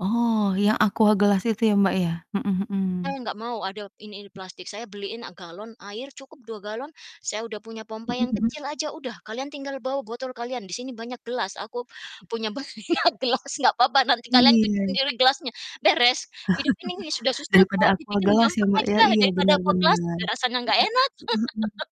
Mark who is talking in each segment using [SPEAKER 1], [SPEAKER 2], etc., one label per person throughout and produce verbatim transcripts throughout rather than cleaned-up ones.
[SPEAKER 1] Oh, yang aqua gelas itu ya, Mbak, ya? Mhm mhm.
[SPEAKER 2] Saya nggak mau ada ini ini plastik. Saya beliin a galon air cukup dua galon, saya udah punya pompa
[SPEAKER 1] Mhm,
[SPEAKER 2] yang
[SPEAKER 1] udah.
[SPEAKER 2] kecil aja udah, kalian tinggal bawa botol kalian, di sini banyak gelas. Aku punya banyak gelas nggak apa-apa nanti kalian cuci
[SPEAKER 1] Iya.
[SPEAKER 2] sendiri gelasnya, beres. Hidup ini sudah susah
[SPEAKER 1] Daripada
[SPEAKER 2] kok,
[SPEAKER 1] aqua
[SPEAKER 2] dibikin
[SPEAKER 1] gelas ya,
[SPEAKER 2] gampang
[SPEAKER 1] Mbak, ya?
[SPEAKER 2] aja,
[SPEAKER 1] Iya,
[SPEAKER 2] daripada
[SPEAKER 1] benar
[SPEAKER 2] Aqua gelas,
[SPEAKER 1] benar.
[SPEAKER 2] udah rasanya nggak enak.
[SPEAKER 1] Mhm, mhm mhm.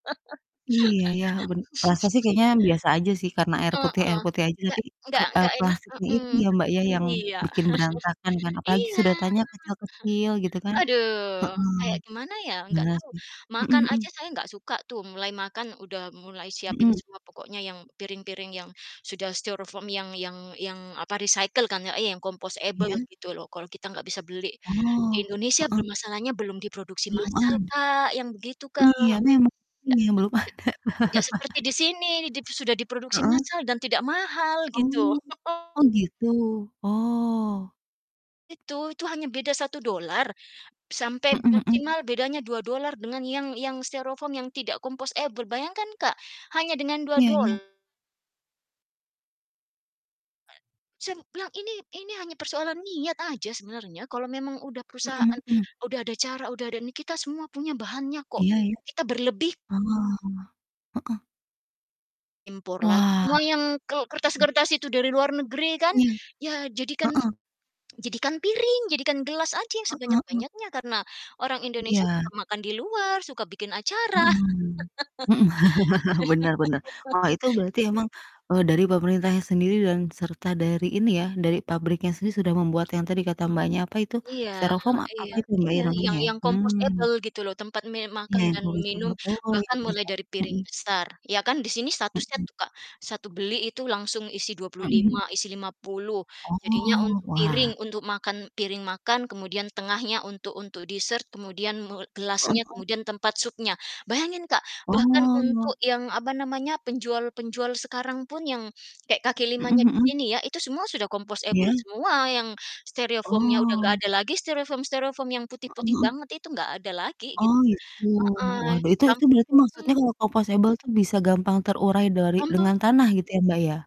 [SPEAKER 1] Iya ya ben rasa sih kayaknya biasa aja sih, karena air
[SPEAKER 2] Heeh,
[SPEAKER 1] putih air putih aja tapi,
[SPEAKER 2] nggak nggak
[SPEAKER 1] ker eee,
[SPEAKER 2] nggak enak
[SPEAKER 1] plastiknya itu
[SPEAKER 2] mhm,
[SPEAKER 1] ya, Mbak,
[SPEAKER 2] betul,
[SPEAKER 1] ya yang
[SPEAKER 2] iya.
[SPEAKER 1] bikin berantakan kan, apalagi
[SPEAKER 2] Iya.
[SPEAKER 1] sedotannya kecil-kecil gitu kan,
[SPEAKER 2] Aduh,
[SPEAKER 1] heeh.
[SPEAKER 2] kayak gimana ya? Nggak
[SPEAKER 1] Benar
[SPEAKER 2] tahu.
[SPEAKER 1] sih, mhm
[SPEAKER 2] Makan aja
[SPEAKER 1] mhm.
[SPEAKER 2] saya nggak suka tuh, mulai makan udah mulai siapin
[SPEAKER 1] Mhm?
[SPEAKER 2] semua pokoknya yang, piring-piring yang, sudah styrofoam yang yang yang, apa, recycle kan ya iya yang compostable
[SPEAKER 1] Iya?
[SPEAKER 2] gitu loh, kalau kita nggak bisa beli. Di
[SPEAKER 1] Oh,
[SPEAKER 2] Indonesia
[SPEAKER 1] heeh.
[SPEAKER 2] bermasalahnya belum diproduksi
[SPEAKER 1] Belum
[SPEAKER 2] masal,
[SPEAKER 1] ada
[SPEAKER 2] Kak, yang begitu, Kak.
[SPEAKER 1] Iya memang,
[SPEAKER 2] Ndak
[SPEAKER 1] ini yang belum ada.
[SPEAKER 2] itu tidak seperti di sini, dip sudah diproduksi
[SPEAKER 1] Heeh?
[SPEAKER 2] massal dan tidak mahal gitu.
[SPEAKER 1] Oh oh, gitu? Oh.
[SPEAKER 2] Itu itu hanya beda satu dolar, sampai
[SPEAKER 1] Mhm mhm.
[SPEAKER 2] maksimal bedanya dua dolar dengan yang yang styrofoam yang tidak compostable. Bayangkan Kak, hanya dengan dua
[SPEAKER 1] Iya
[SPEAKER 2] dol
[SPEAKER 1] iya.
[SPEAKER 2] Saya m bilang ini ini hanya persoalan niat aja sebenarnya, kalau memang udah
[SPEAKER 1] Mhm
[SPEAKER 2] perusahaan,
[SPEAKER 1] mhm.
[SPEAKER 2] udah ada cara, udah ada ini, kita semua punya bahannya kok.
[SPEAKER 1] Iya iya.
[SPEAKER 2] Kita berlebih
[SPEAKER 1] Oh. Heeh.
[SPEAKER 2] Impor lagi,
[SPEAKER 1] Wah.
[SPEAKER 2] semua yang kel
[SPEAKER 1] Heeh.
[SPEAKER 2] kertas-kertas itu dari luar negeri kan,
[SPEAKER 1] Iya.
[SPEAKER 2] ya jadikan
[SPEAKER 1] Heeh.
[SPEAKER 2] jadikan piring, jadikan gelas aja yang
[SPEAKER 1] Heeh heeh.
[SPEAKER 2] sebanyak-banyaknya, karena orang Indonesia suka
[SPEAKER 1] Iya.
[SPEAKER 2] makan di luar, suka bikin acara.
[SPEAKER 1] Mhm mhm, benar benar. Wah, itu berarti emang, eee, dari pemerintahnya sendiri dan serta dari ini ya, dari pabriknya sendiri sudah membuat yang tadi kata
[SPEAKER 2] Hmm,
[SPEAKER 1] Mbaknya, apa itu,
[SPEAKER 2] iya
[SPEAKER 1] serofom apa
[SPEAKER 2] iya
[SPEAKER 1] itu, Mbak,
[SPEAKER 2] iya
[SPEAKER 1] iramanya
[SPEAKER 2] yang
[SPEAKER 1] ya?
[SPEAKER 2] yang
[SPEAKER 1] Mmm.
[SPEAKER 2] compostable gitu loh, tempat me
[SPEAKER 1] Iya,
[SPEAKER 2] makan
[SPEAKER 1] yang
[SPEAKER 2] dan minum,
[SPEAKER 1] composable. Oh, iya
[SPEAKER 2] bahkan mulai
[SPEAKER 1] bisa,
[SPEAKER 2] dari piring
[SPEAKER 1] mhm.
[SPEAKER 2] besar, iya kan, di sini statusnya
[SPEAKER 1] Mhm.
[SPEAKER 2] tuh, Kak, satu beli itu langsung isi dua
[SPEAKER 1] Mhm mhm.
[SPEAKER 2] lima, isi lima puluh. Jadinya
[SPEAKER 1] Oh,
[SPEAKER 2] untuk piring,
[SPEAKER 1] wah.
[SPEAKER 2] untuk makan piring makan, kemudian tengahnya untuk untuk dessert, kemudian me
[SPEAKER 1] Heeh,
[SPEAKER 2] gelasnya,
[SPEAKER 1] kan.
[SPEAKER 2] kemudian tempat supnya. Bayangin Kak, bahkan untuk
[SPEAKER 1] Oh.
[SPEAKER 2] yang, apa namanya, penjual-penjual sekarang pun yang, kayak kaki
[SPEAKER 1] Mhm
[SPEAKER 2] limanya di
[SPEAKER 1] mhm.
[SPEAKER 2] sini ya, itu semua sudah compostable
[SPEAKER 1] Iya?
[SPEAKER 2] semua yang styrofoam-nya udah nggak
[SPEAKER 1] Oh.
[SPEAKER 2] ada lagi styrofoam-styrofoam yang
[SPEAKER 1] Heeh
[SPEAKER 2] putih-putih
[SPEAKER 1] heeh.
[SPEAKER 2] banget itu nggak ada lagi gitu,
[SPEAKER 1] Oh, gitu.
[SPEAKER 2] heeh,
[SPEAKER 1] Waduh, itu
[SPEAKER 2] kan
[SPEAKER 1] itu
[SPEAKER 2] untuk
[SPEAKER 1] berarti maksudnya
[SPEAKER 2] hmm.
[SPEAKER 1] kalau composable tuh bisa gampang terurai dari dengan
[SPEAKER 2] Bantu
[SPEAKER 1] tanah gitu ya, Mbak, ya?